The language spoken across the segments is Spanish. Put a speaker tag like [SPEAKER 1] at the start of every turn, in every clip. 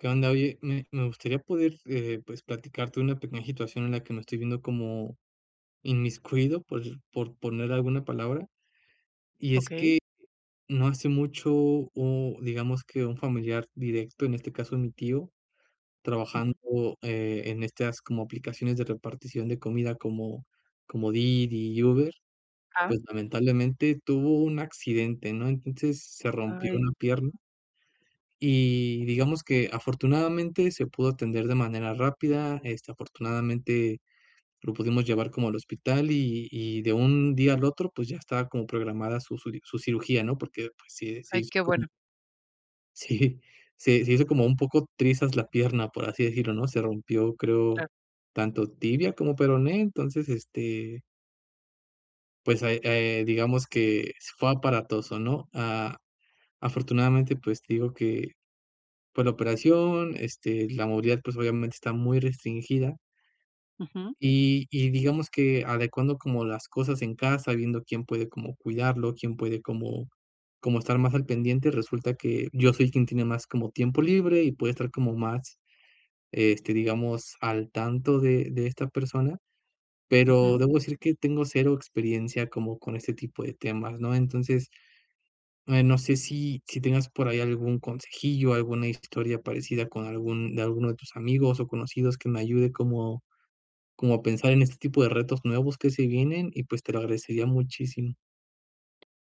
[SPEAKER 1] ¿Qué onda? Oye, me me gustaría poder, eh, pues, platicarte una pequeña situación en la que me estoy viendo como, inmiscuido por por poner alguna palabra. Y es
[SPEAKER 2] Okey.
[SPEAKER 1] que no hace mucho o digamos que un familiar directo, en este caso, mi tío, trabajando,
[SPEAKER 2] Ujú.
[SPEAKER 1] eh, en estas como aplicaciones de repartición de comida como como Didi y Uber.
[SPEAKER 2] Ah.
[SPEAKER 1] Pues, lamentablemente tuvo un accidente, ¿no? Entonces se rompió
[SPEAKER 2] Ay
[SPEAKER 1] una pierna. Y digamos que afortunadamente se pudo atender de manera rápida. Este, afortunadamente lo pudimos llevar como al hospital y y de un día al otro, pues ya estaba como programada su su su cirugía, ¿no? Porque pues se se
[SPEAKER 2] Ay,
[SPEAKER 1] hizo
[SPEAKER 2] qué
[SPEAKER 1] como
[SPEAKER 2] bueno.
[SPEAKER 1] Sí, se se hizo como un poco trizas la pierna, por así decirlo, ¿no? Se rompió, creo
[SPEAKER 2] Claro.
[SPEAKER 1] tanto tibia como peroné. Entonces este pues ahí, eh, digamos que fue aparatoso, ¿no? Ah, afortunadamente, pues te digo que, por la operación este, la movilidad, pues obviamente está muy restringida.
[SPEAKER 2] Ujú.
[SPEAKER 1] Y y digamos que adecuando como las cosas en casa, viendo, ¿quién puede como cuidarlo, quién puede como como estar más al pendiente? Resulta que yo soy quien tiene más como tiempo libre y puede estar como más, este, digamos al tanto de de esta persona. Pero
[SPEAKER 2] Ujú.
[SPEAKER 1] debo decir que tengo cero experiencia como con este tipo de temas, ¿no? Entonces, eh, no sé, si si tengas por ahí algún consejillo, alguna historia parecida con algún de alguno de tus amigos o conocidos que me ayude como como a pensar en este tipo de retos nuevos que se vienen y pues, te lo agradecería muchísimo.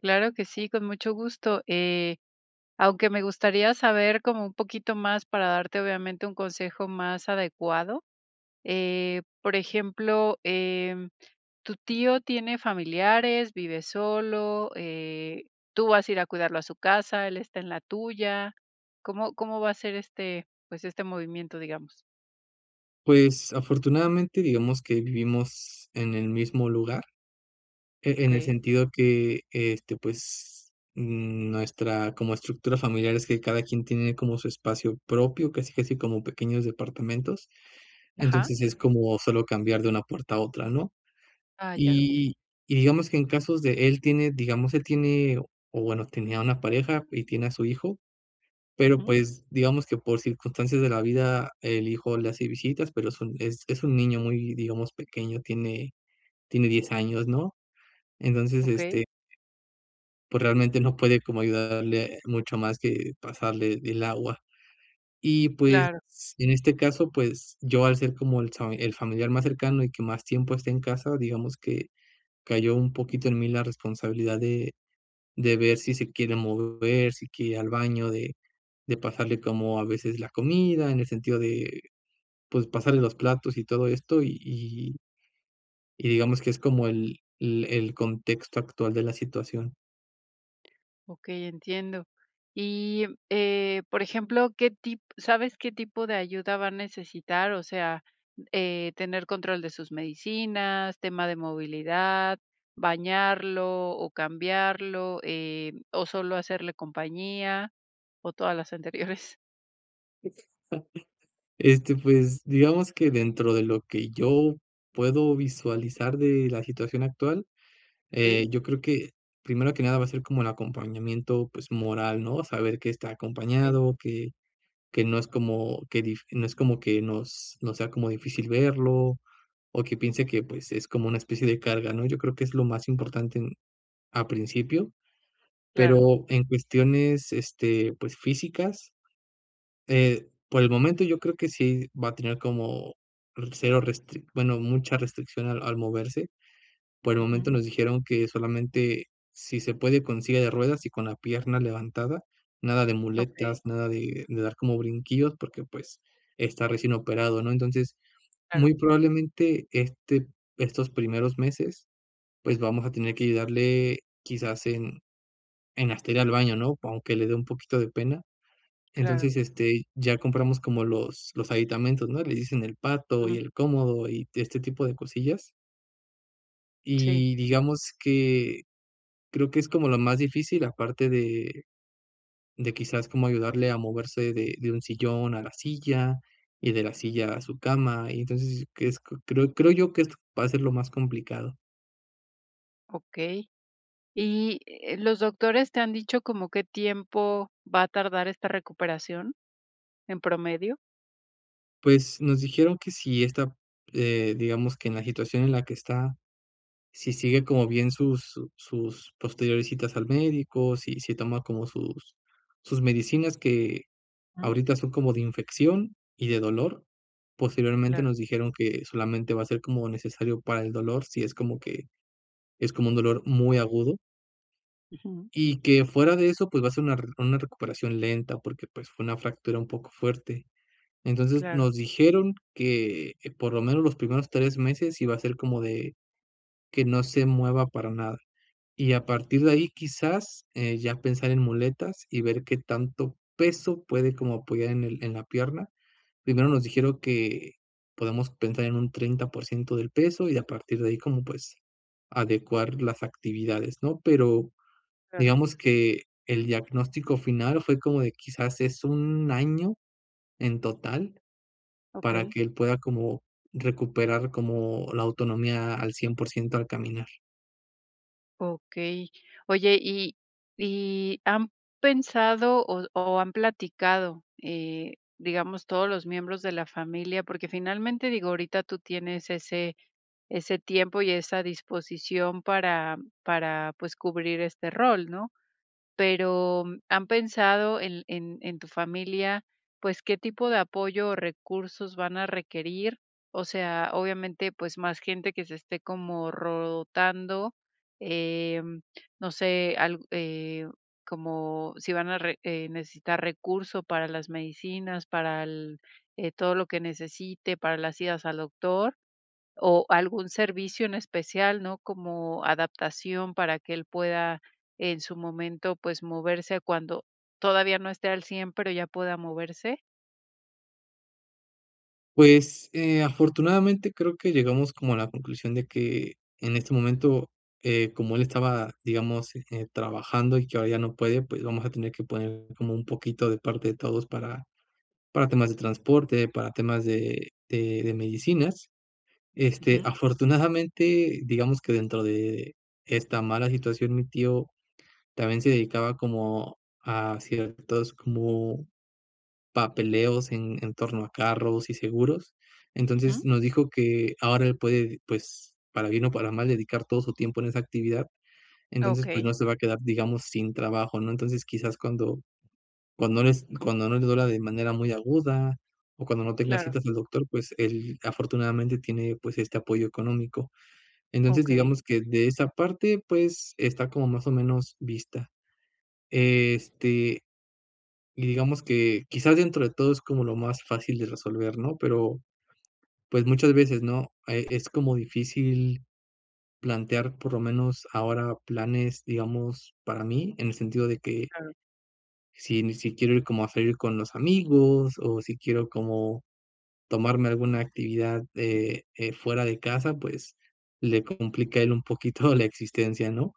[SPEAKER 2] Claro que sí, con mucho gusto, eh, aunque me gustaría saber como un poquito más para darte, obviamente, un consejo más adecuado, eh, por ejemplo, em ¿tu tío tiene familiares, vive solo, eh, tú vas a ir a cuidarlo a su casa, él está en la tuya? ¿Cómo cómo va a ser este pues este movimiento, digamos?
[SPEAKER 1] Pues, afortunadamente, digamos que vivimos en el mismo lugar, e en el
[SPEAKER 2] Okey.
[SPEAKER 1] sentido que este, pues, mm nuestra como estructura familiar es que cada quien tiene como su espacio propio, casi casi como pequeños departamentos.
[SPEAKER 2] Ajá.
[SPEAKER 1] Entonces es como solo cambiar de una puerta a otra, ¿no?
[SPEAKER 2] Ah, ya. Okey.
[SPEAKER 1] Y y digamos que en casos de él tiene, digamos, él tiene o bueno, tenía una pareja y tiene a su hijo. Pero,
[SPEAKER 2] Ujú.
[SPEAKER 1] pues, digamos que por circunstancias de la vida, el hijo le hace visitas, pero es un es es un niño muy, digamos, pequeño, tiene tiene 10 años, ¿no? Entonces,
[SPEAKER 2] Okey.
[SPEAKER 1] este pues realmente no puede como ayudarle mucho más que pasarle el agua. Y, pues,
[SPEAKER 2] Claro.
[SPEAKER 1] en este caso, pues yo, al ser como el fami el familiar más cercano y que más tiempo está en casa, digamos que cayó un poquito en mí la responsabilidad de de ver si se quiere mover, si quiere ir al baño, de de pasarle como a veces la comida en el sentido de, pues, pasarle los platos y todo esto, y y y digamos que es como el el el contexto actual de la situación.
[SPEAKER 2] Okey, entiendo. Y, eh, por ejemplo, ¿qué tip sabes qué tipo de ayuda va a necesitar? O sea, eh, tener control de sus medicinas, tema de movilidad, bañarlo o cambiarlo, eh, ¿o solo hacerle compañía? ¿O todas las anteriores?
[SPEAKER 1] Este, pues, digamos que dentro de lo que yo puedo visualizar de la situación actual,
[SPEAKER 2] Sí.
[SPEAKER 1] eh, yo creo que primero que nada va a ser como el acompañamiento, pues, moral, ¿no? Saber que está
[SPEAKER 2] Okey.
[SPEAKER 1] acompañado, que que no es como que dif no es como que nos nos sea como difícil verlo, o que piense que pues, es como una especie de carga, ¿no? Yo creo que es lo más importante al principio.
[SPEAKER 2] Claro.
[SPEAKER 1] Pero en cuestiones, este, pues, físicas, eh, por el momento, yo creo que sí va a tener como r cero, restric bueno, mucha restricción al al moverse, por el momento
[SPEAKER 2] Ujú.
[SPEAKER 1] nos dijeron que solamente si se puede con silla de ruedas y con la pierna levantada, nada de
[SPEAKER 2] Okey.
[SPEAKER 1] muletas, nada de de dar como brinquillos porque, pues, está recién operado, ¿no?, entonces,
[SPEAKER 2] Claro.
[SPEAKER 1] muy probablemente, este estos primeros meses, pues, vamos a tener que ayudarle quizás en en hasta ir al baño, ¿no? Aunque le dé un poquito de pena,
[SPEAKER 2] Claro.
[SPEAKER 1] entonces, este, ya compramos como los los aditamentos, ¿no? Le dicen el pato y
[SPEAKER 2] Mm.
[SPEAKER 1] el cómodo, y este tipo de cosillas.
[SPEAKER 2] Sí.
[SPEAKER 1] Y digamos que, creo que es como lo más difícil, aparte de de quizás como ayudarle a moverse de de un sillón a la silla y de la silla a su cama, y entonces, que es q creo creo yo que est va a ser lo más complicado.
[SPEAKER 2] Okey. Y, eh, ¿los doctores te han dicho como qué tiempo va a tardar esta recuperación? ¿En promedio?
[SPEAKER 1] Pues nos dijeron que sí está eh, digamos que en la situación en la que está, si sigue como bien sus su sus posteriores citas al médico, si se toma como sus sus medicinas, que
[SPEAKER 2] Mm.
[SPEAKER 1] ahorita son como de infección y de dolor. Posteriormente
[SPEAKER 2] Claro.
[SPEAKER 1] nos dijeron que solamente va a ser como necesario para el dolor, si es como que es como un dolor muy agudo.
[SPEAKER 2] Ujú.
[SPEAKER 1] Y que fuera de eso, pues va a ser una rer una recuperación lenta porque, pues, fue una fractura un poco fuerte. Entonces
[SPEAKER 2] Claro.
[SPEAKER 1] nos dijeron que que por lo menos los primeros 3 meses iba a ser como de que no se mueva para nada. Y a partir de ahí, quizás, eh, ya pensar en muletas y ver qué tanto peso puede como apoyar en el en la pierna. Primero nos dijeron que podemos pensar en un 30 % del peso y a partir de ahí, como pues, adecuar las actividades, ¿no? Pero,
[SPEAKER 2] Claro.
[SPEAKER 1] digamos que el diagnóstico final fue como de quizás es un año en total, para
[SPEAKER 2] Okey.
[SPEAKER 1] que él pueda como, recuperar como la autonomía a al cien por ciento al caminar.
[SPEAKER 2] Okey, oye, y y, ¿han pensado o o han platicado, eh, digamos, todos los miembros de la familia?, porque finalmente, digo, ahorita tú tienes ese ese tiempo y esa disposición para para, pues cubrir este rol, ¿no?, pero, ¿han pensado en en en tu familia, pues qué tipo de apoyo o recursos van a requerir?, o sea, obviamente, pues más gente que se esté como rotando, eh, no sé, al eh, como si van a re eh necesitar recursos para las medicinas, para él, eh, todo lo que necesite, para las idas al doctor o algún servicio en especial, ¿no?, como adaptación para que él pueda en su momento, pues moverse cuando todavía no esté al 100, pero ya pueda moverse.
[SPEAKER 1] Pues, eh, afortunadamente, creo que llegamos como a la conclusión de que, en este momento, eh, como él estaba, digamos, eh, trabajando y que ahora ya no puede, pues vamos a tener que poner como un poquito de parte de todos para para temas de transporte, para temas de de de medicinas, este,
[SPEAKER 2] Ujú.
[SPEAKER 1] afortunadamente, digamos que dentro de esta mala situación, mi tío también se dedicaba como a ciertos como papeleos en en torno a carros y seguros, entonces
[SPEAKER 2] Ujú.
[SPEAKER 1] nos dijo que ahora él puede, pues para bien o para mal dedicar todo su tiempo en esa actividad,
[SPEAKER 2] Ah,
[SPEAKER 1] entonces pues
[SPEAKER 2] okey.
[SPEAKER 1] no se va a quedar, digamos, sin trabajo, ¿no?, entonces quizás cuando cuando no es cuando no le duela de manera muy aguda o cuando no tenga
[SPEAKER 2] Claro.
[SPEAKER 1] citas al doctor, pues él afortunadamente tiene, pues este apoyo económico, entonces
[SPEAKER 2] Okey.
[SPEAKER 1] digamos que de esa parte, pues está como más o menos vista, este, y digamos que quizás dentro de todo es como lo más fácil de resolver, ¿no?, pero pues muchas veces ¿no?, eh, es como difícil plantear por lo menos ahora planes, digamos, para mí
[SPEAKER 2] Claro,
[SPEAKER 1] en el sentido de que
[SPEAKER 2] claro.
[SPEAKER 1] si ni si quiero ir como a salir con los amigos o si quiero como tomarme alguna actividad, eh eh fuera de casa, pues le complica a él un poquito la existencia, ¿no?,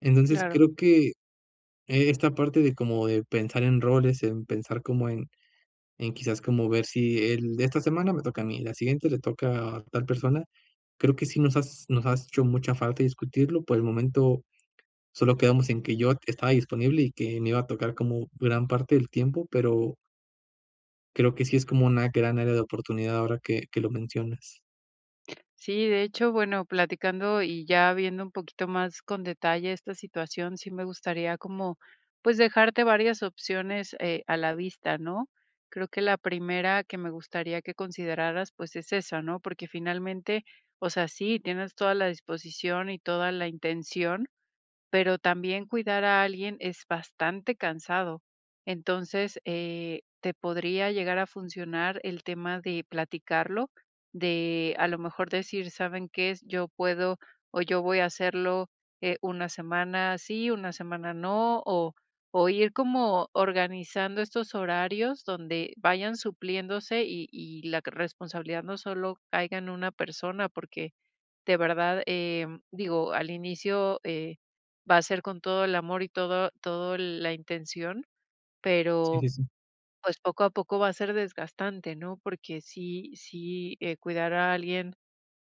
[SPEAKER 1] entonces
[SPEAKER 2] Claro.
[SPEAKER 1] creo que esta parte de como de pensar en roles, en pensar como en en quizás, como ver si el de esta semana me toca a mí y la siguiente le toca a tal persona, creo que sí nos has nos ha hecho mucha falta discutirlo, por el momento solo quedamos en que yo estaba disponible y que me iba a tocar como gran parte del tiempo, pero Creo que sí es como una gran área de oportunidad ahora que que lo mencionas.
[SPEAKER 2] Sí, de hecho, bueno, platicando y ya viendo un poquito más con detalle esta situación, sí me gustaría como, pues, dejarte varias opciones, eh, a la vista, ¿no? Creo que la primera que me gustaría que consideraras, pues, es esa, ¿no? Porque, finalmente, o sea, sí, tienes toda la disposición y toda la intención, pero también cuidar a alguien es bastante cansado, entonces, eh, te podría llegar a funcionar el tema de platicarlo, de a lo mejor decir, ¿saben qué? Yo puedo, o yo voy a hacerlo, eh, una semana sí, una semana no, o o ir como organizando estos horarios donde vayan supliéndose y y la responsabilidad no solo caiga en una persona, porque de verdad, em, digo al inicio, eh, va a ser con todo el amor y todo todo el la intención,
[SPEAKER 1] Sí,
[SPEAKER 2] pero
[SPEAKER 1] sí, sí.
[SPEAKER 2] pues, poco a poco va a ser desgastante, ¿no? Porque sí sí, eh, cuidar a alguien,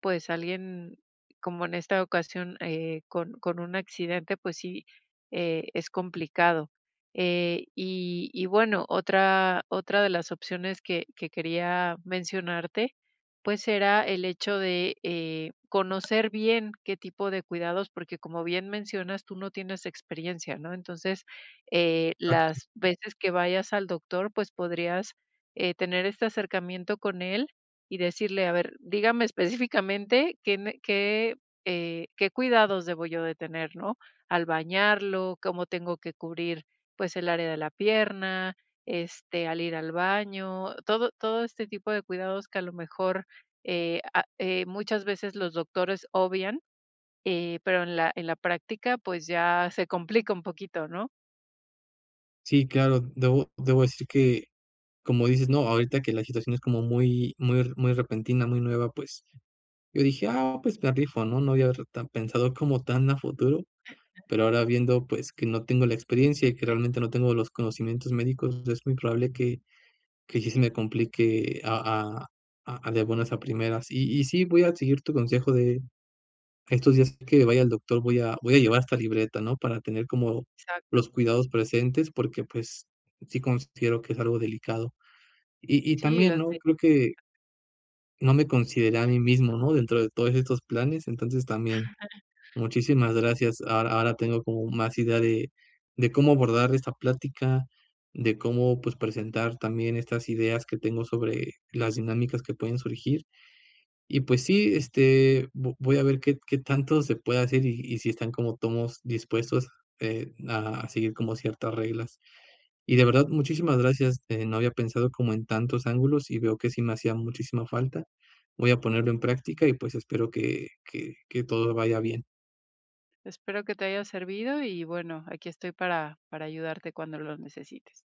[SPEAKER 2] pues, alguien como en esta ocasión, eh, con con un accidente, pues sí, eh, es complicado. Eh, y y bueno, otra otra de las opciones que que quería mencionarte, pues, era el hecho de, eh, conocer bien qué tipo de cuidados, porque, como bien mencionas, tú no tienes experiencia, ¿no? Entonces, eh,
[SPEAKER 1] Exacto.
[SPEAKER 2] las veces que que vayas al doctor, pues, podrías, eh, tener este, acercamiento con él y decirle: "A ver, dígame específicamente qué ne qué, eh, qué cuidados debo yo de tener, ¿no?, al bañarlo, cómo tengo que cubrir, pues, el área de la pierna, este, al ir al baño". Todo todo este tipo de cuidados que a lo mejor, eh, ah, eh, muchas veces los doctores obvian, eh, pero en la en la práctica, pues, ya se complica un poquito, ¿no?
[SPEAKER 1] Sí, claro. Debo debo decir que, como dices, ¿no? Ahorita que la situación es como muy muy re muy repentina, muy nueva. Pues yo dije: "Ah, pues me la rifo", ¿no? No lo había pensado como tan a futuro, pero, ahora viendo, pues, que no tengo la experiencia y que realmente no tengo los conocimientos médicos, es muy probable que que sí se me complique a a a de buenas a primeras y y sí, voy a seguir tu consejo de estos días que vaya al doctor. Voy a voy a llevar esta libreta, no para tener como
[SPEAKER 2] Exacto.
[SPEAKER 1] los cuidados presentes porque, pues, sí considero que es algo delicado y y
[SPEAKER 2] Sí,
[SPEAKER 1] también
[SPEAKER 2] las
[SPEAKER 1] no
[SPEAKER 2] de
[SPEAKER 1] creo que no me consideré a mí mismo, no, dentro de todos estos planes, entonces también. Muchísimas gracias, ahora ahora tengo como más idea de de cómo abordar esta plática, de cómo, pues, presentar también estas ideas que tengo sobre las dinámicas que pueden surgir, y pues sí, este, vo voy a ver qué qué tanto se puede hacer, y y si están como tomos dispuestos, eh, a a seguir como ciertas reglas y de verdad, muchísimas gracias. Eh, no había pensado como en tantos ángulos y veo que sí me hacía muchísima falta, voy a ponerlo en práctica y, pues, espero que que que todo vaya bien.
[SPEAKER 2] Espero que te haya servido y bueno, aquí estoy para para ayudarte cuando lo necesites.